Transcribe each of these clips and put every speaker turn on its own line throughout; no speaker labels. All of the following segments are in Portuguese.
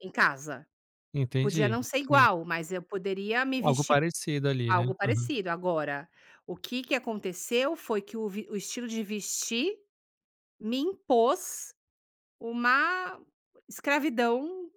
Em casa. Podia
Entendi.
não ser
Sim.
igual, mas eu poderia me
Algo
vestir
parecido, ali, né.
algo
Aham.
parecido. Agora, o que que aconteceu? Foi que o vi o estilo de vestir, me impôs uma escravidão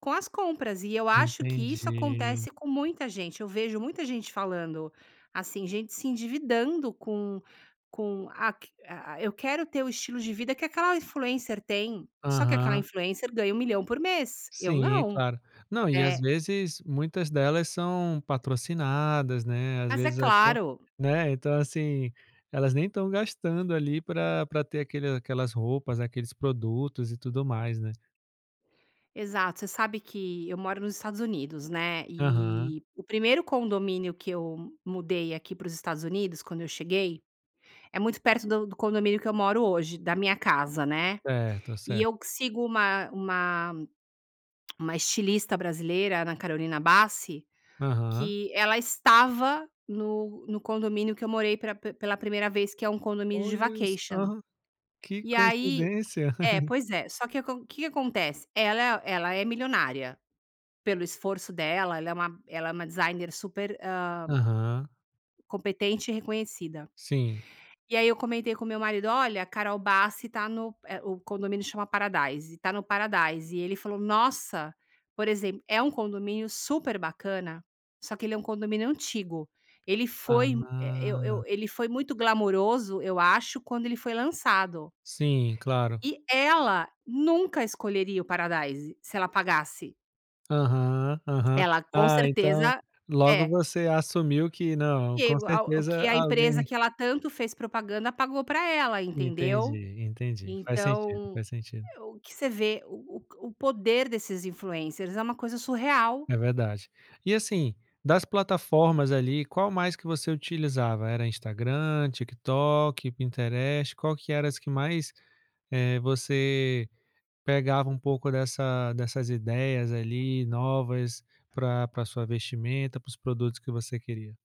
com as compras e eu acho que isso
Entendi.
acontece com muita gente. Eu vejo muita gente falando, assim, gente se endividando com com a q a a "eu quero ter o estilo de vida que aquela influencer tem.". Só que aquela
Aham.
influencer ganha 1.000.000 por mês. Eu,
Sim, é
não.
claro. Não, e, às
Eh
vezes, muitas delas são patrocinadas, né, às
Mas é
vezes até
claro!
né, então, assim. Elas nem estão gastando ali pra pra ter aquele aquelas roupas, aqueles produtos e tudo mais, né.
Exato. Você sabe que eu moro nos Estados Unidos, né,
Aham.
e o 1º condomínio que eu mudei aqui para os Estados Unidos quando eu cheguei, é muito perto do do condomínio que eu moro hoje, da minha casa, né.
Certo,
E
certo.
eu q sigo uma uma uma estilista brasileira, Ana Carolina Bassi,
Aham.
que ela estava no no condomínio que eu morei pela p pela 1º vez, que é um condomínio de
Olha
vacation.
só, que
E aí
coincidência!
é, pois é. Só que o acon o que acontece? Ela ela é milionária. Pelo esforço dela, ela é uma ela é uma designer super, hã
Aham.
competente e reconhecida.
Sim.
E aí eu comentei com o meu marido: "Olha, a Carol Bassi tá no" eh, o condomínio chama Paradise "tá no Paradise.". E ele falou: "Nossa!" Por exemp é um condomínio super bacana, só que ele é um condomínio antigo. Ele foi eh, eu
Ah!
eu ele foi muito glamoroso, eu acho, quando ele foi lançado.
Sim, claro.
E ela nunca escolheria o Paradise, se ela pagasse.
Aham, aham.
Ela, com
Ah, então,
certeza
logo
é.
você assumiu que "Não, com
[unintelligible] O que
certeza
a empresa
alguém"
que ela tanto fez propaganda pagou pra ela, entendeu.
Entendi, entendi. Faz sentido,
Então,
faz sentido.
o que você vê o o o poder desses influencers. É uma coisa surreal.
É verdade. E assim, das plataformas, ali, qual mais que você utilizava? Era Instagram, TikTok, Pinterest qual que era as que mais, eh você pegava um pouco dessa dessas ideias, ali, novas pra pra sua vestimenta, para os produtos que você queria?